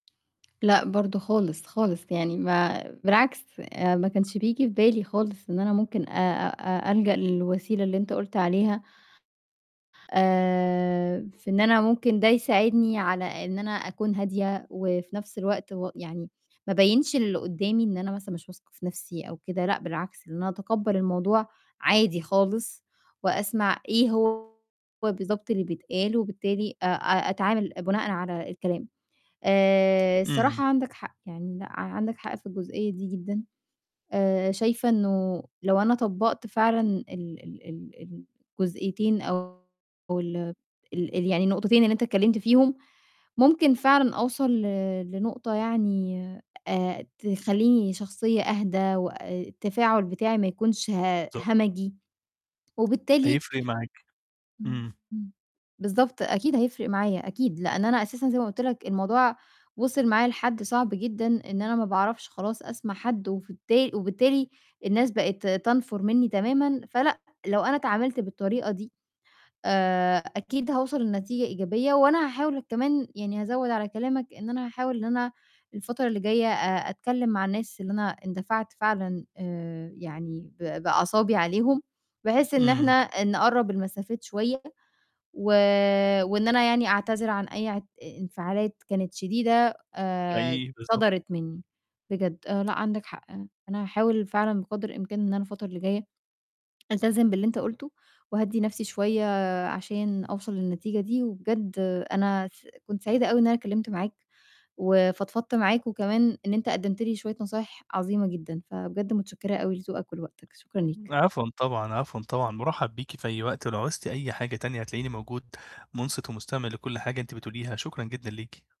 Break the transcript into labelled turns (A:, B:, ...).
A: لأ، برضه خالص، خالص، يعني ما بالعكس، آآ ما كانش بييجي في بالي خالص إن أنا ممكن آآ أ ألجأ للوسيلة اللي أنت قُلت عليها، آآ في إن أنا ممكن ده يساعدني على إن أنا أكون هادية وفي نَفْس الوقت و يعني ما أبيّنش للقُدّامي إن أنا مثلًا مش واثقة في نَفْسي أو كده لأ بالعكس، إن أنا أتقبّل الموضوع عادي خالص وأسمع إيه هو بالضبط اللي بيتقال، وبالتالي أ أ أتعامل بناءً على الكلام. آآ،
B: إمم.
A: الصراحة عندك حق، يعني لأ، عندك حق في الجزئية دي جدًا. آآ، شايفة إنه لو أنا طبّقت فعلًا ال ال ال الجزئيتين أو ال ال ال يعني النقطتين اللي أنت اتكلِّمت فيهم، ممكن فعلًا أوصل ل لنقطة يعني آآ تخلّيني شخصية أهدى وأ التفاعل بتاعي ما يكونش ه
B: [unintelligible]
A: همجي، وبالتالي
B: هيفِرق معاكِ.
A: امم،
B: إمم.
A: امم، بالضبط، أكيد هيفرق معايا، أكيد، لإن أنا أساسًا زي ما قُلت لك الموضوع وصل معايا لحد صعب جدًا إن أنا ما باعرفش خلاص أسمع حد وفالتال وبالتالي الناس بقت تنْفُر منّي تمامًا فلأ، لو أنا اتعاملت بالطريقة دي، آآ، أكيد هوصل لنتيجة إيجابية وأنا هاحاول ك كمان يعني -هازوّد على كلامك إن أنا هاحاول إن أنا الفترة اللي جايّة أ أتكلِّم مع الناس اللي أنا اندفعت فعلًا آآ يعني ب بأعصابي عليهم، بحيث إن إحنا
B: إمم.
A: آآ نقرّب المسافات شوية و وإن أنا يعني أعتذر عن أي اعت انفعالات كانت شديدة آآ
B: أي بالضبط.
A: صدرت منّي، بجد لأ عندك حق، أنا هاحاول فعلًا بقدر الإمكان إن أنا الفترة اللي جايّة، ألتزم باللي أنت قُلته وأهدّي نَفْسي شوية عشان أوصل للنتيجة دي وبجد أنا س كنت سعيدة أوي إن أنا كلِّمت معاك وفضفضت معاك وكمان إن أنت قدّمت لي شوية نصايح عظيمة جدًا، فبجد متشكّرة أوي لذوقك ولوقتك، شكرًا ليك.
B: عفوًا طبعًا، عفوا طبعًا، مُرحّب بيكِ في أي وقت ولو عُزتِ أي حاجة تانية هتلاقيني موجود مُنصِت ومُستمع لكل حاجة أنِت بتقوليها، شكرًا جدًا ليكِ.